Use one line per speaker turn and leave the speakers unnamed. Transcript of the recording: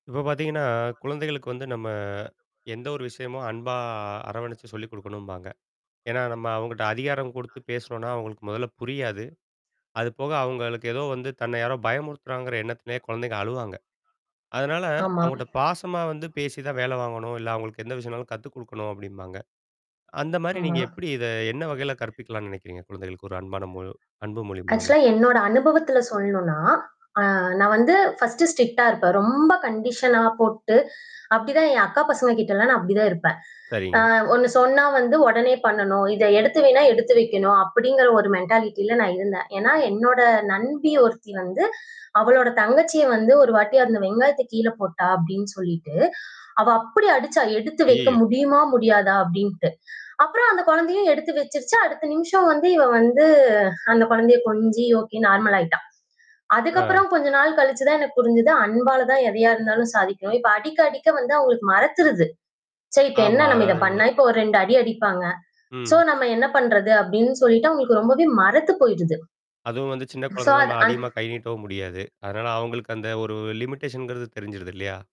இப்ப பாத்தீங்கன்னா, குழந்தைகளுக்கு வந்து நம்ம எந்த ஒரு விஷயமும் அன்பா அரவணைச்சு சொல்லிக் கொடுக்கணும்பாங்க. ஏன்னா நம்ம அவங்ககிட்ட அதிகாரம் கொடுத்து பேசுனோன்னா, அவுங்களுக்கு முதல்ல புரியாது. அதுபோக அவுங்களுக்கு ஏதோ வந்து தன்னை யாரோ பயமுறுத்துறாங்கிற எண்ணத்திலேயே குழந்தைங்க அழுவாங்க. அதனால
ஆமா.
அவுங்கட்ட பாசமா வந்து பேசி தான் வேலை வாங்கணும், இல்ல அவுங்களுக்கு எந்த விஷயம்னாலும் கத்து கொடுக்கணும் அப்பிடிம்பாங்க. அந்தமாரி
ஆமா.
நீங்க எப்பிடி இத என்ன வகையில கற்பிக்கலாம்ன்னு நினைக்கிறீங்க? குழந்தைகளுக்கு ஒரு அன்பான மொ அன்பு மொழி மூலமா?
ஆக்ஷூலா என்னோட அனுபவத்தில் சொல்ணுனா, நான் வந்து பர்ஸ்ட் ஸ்ட்ரிக்ட்டா இருப்பேன். ரொம்ப கண்டிஷன்லாம் போட்டு, அப்பிடிதான் என் அக்கா பசங்ககிட்டலாம் நான் அப்பிடி தான் இருப்பேன்.
சரிங்க.
ஆ ஒண்ணு சொன்னா வந்து உடனே பண்ணணும். இத எடுத்து வைன்னா, எடுத்து வைக்கணும். அப்பிடிங்கிற ஒரு மென்டாலிட்டில நான் இருந்தேன். ஏன்னா என்னோட நண்பி ஒருத்தி வந்து, அவளுடைய தங்கச்சிய வந்து ஒருவாட்டி அந்த வெங்காயத்த கீழே போட்டா! அப்பிடின்னு சொல்லிட்டு, அவ அப்பிடி அடிச்சா! எடுத்து வைக்க
அய்யய்யோ!
முடியுமா? முடியாதா? அப்பிடின்டு. அப்புறம் அந்த குழந்தையும் எடுத்து வச்சிருச்சு. அடுத்த நிமிஷம் வந்து இவ வந்து அந்த குழந்தைய கொஞ்சி ஒகே நார்மல் ஆயிட்டா! அதுக்கு
ஆ.
அப்புறம் கொஞ்சம் நாள் கழிச்சிதான் எனக்கு புரிஞ்சது. அன்பால தான் எதையா இருந்தாலும் சாதிக்கவே இப்ப அடிக்க, அடிக்க வந்து அவுங்களுக்கு மரத்துருது. சரி இப்ப என்ன
ஆமா
நாம் இத பண்ண,
அதாவது
இப்ப ஒரு 2 அடி அடிப்பாங்க. சோ
ம்.
நாம் என்ன பண்றது அப்பிடின்னு சொல்லிட்டு அவுங்களுக்கு ரொம்பவே மரத்துப் போயிருது.
அதுவும் வந்து சின்ன
சோ
குழந்தன்னா,
அது
நம்ம
அந்
அதிகமா கை நீட்டவும் முடியாது. அதனால அவுங்களுக்கு அந்த ஒரு லிமிட்டேஷன்கிறது தெரிஞ்சிருது இல்லயா!